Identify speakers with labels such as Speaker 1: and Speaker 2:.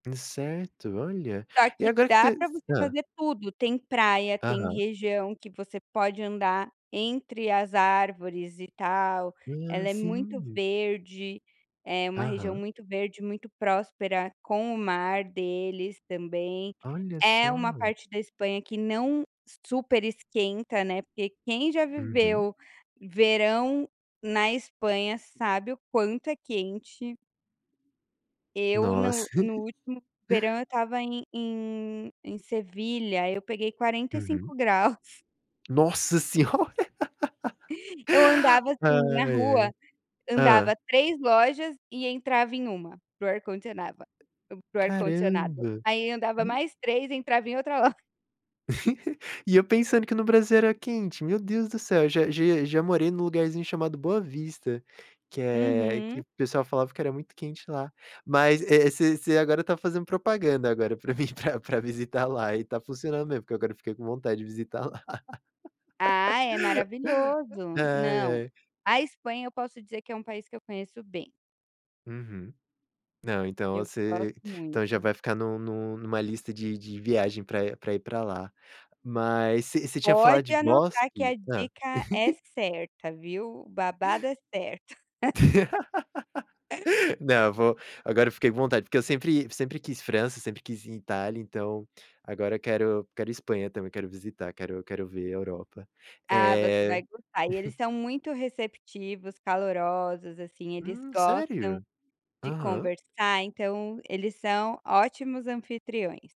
Speaker 1: Incerto olha,
Speaker 2: Só
Speaker 1: e
Speaker 2: que
Speaker 1: agora que tá
Speaker 2: dá para
Speaker 1: esse
Speaker 2: você
Speaker 1: hã.
Speaker 2: fazer tudo, tem praia, tem
Speaker 1: Aham.
Speaker 2: região que você pode andar entre as árvores e tal,
Speaker 1: Ah,
Speaker 2: ela é muito
Speaker 1: sim.
Speaker 2: verde, é uma região
Speaker 1: Aham.
Speaker 2: muito verde, muito próspera com o mar deles também,
Speaker 1: Olha
Speaker 2: é uma
Speaker 1: só.
Speaker 2: parte da Espanha que não super esquenta, né, porque quem já
Speaker 1: Uhum.
Speaker 2: viveu verão na Espanha sabe o quanto é quente. Eu no
Speaker 1: Nossa.
Speaker 2: no último verão eu estava em em em Sevilha eu peguei quarenta e cinco
Speaker 1: Uhum.
Speaker 2: graus.
Speaker 1: Nossa Senhora.
Speaker 2: Eu andava
Speaker 1: Ai,
Speaker 2: assim na rua,
Speaker 1: ai.
Speaker 2: andava
Speaker 1: Hã.
Speaker 2: 3 lojas e entrava em 1, para o ar-condicionava para o ar-condicionado,
Speaker 1: Caramba.
Speaker 2: aí andava
Speaker 1: E
Speaker 2: mais 3 entrava em outra loja.
Speaker 1: e eu pensando que no Brasil era quente, meu Deus do céu, já já já morei num lugarzinho chamado Boa Vista, que é que
Speaker 2: Uhum.
Speaker 1: o pessoal falava que era muito quente lá, mas, eh, você você agora tá fazendo propaganda agora para mim pra pra visitar lá e tá funcionando mesmo, porque agora eu fiquei com vontade de visitar lá.
Speaker 2: Ah é maravilhoso,
Speaker 1: Ai,
Speaker 2: não,
Speaker 1: ai.
Speaker 2: a Espanha eu posso dizer que é um país que eu conheço bem.
Speaker 1: Uhum. Não, então
Speaker 2: Eu gosto
Speaker 1: você então já
Speaker 2: muito.
Speaker 1: vai ficar no no numa lista de de viagem pra pra ir para lá. Mas você você tinha falado
Speaker 2: Pode
Speaker 1: de
Speaker 2: anotar que a
Speaker 1: bosque? Hã.
Speaker 2: dica é certa, viu? O babado é certo.
Speaker 1: Não, vou agora eu fiquei com vontade, porque eu sempre sempre quis França, sempre quis ir em Itália então, agora quero quero Espanha também, quero visitar, quero quero ver Europa,
Speaker 2: Ah, você
Speaker 1: eh
Speaker 2: vai gostar e eles são muito receptivos, calorosos, assim, eles
Speaker 1: Hum,
Speaker 2: gostam
Speaker 1: sério?
Speaker 2: de
Speaker 1: Aham.
Speaker 2: conversar, então eles são ótimos anfitriões.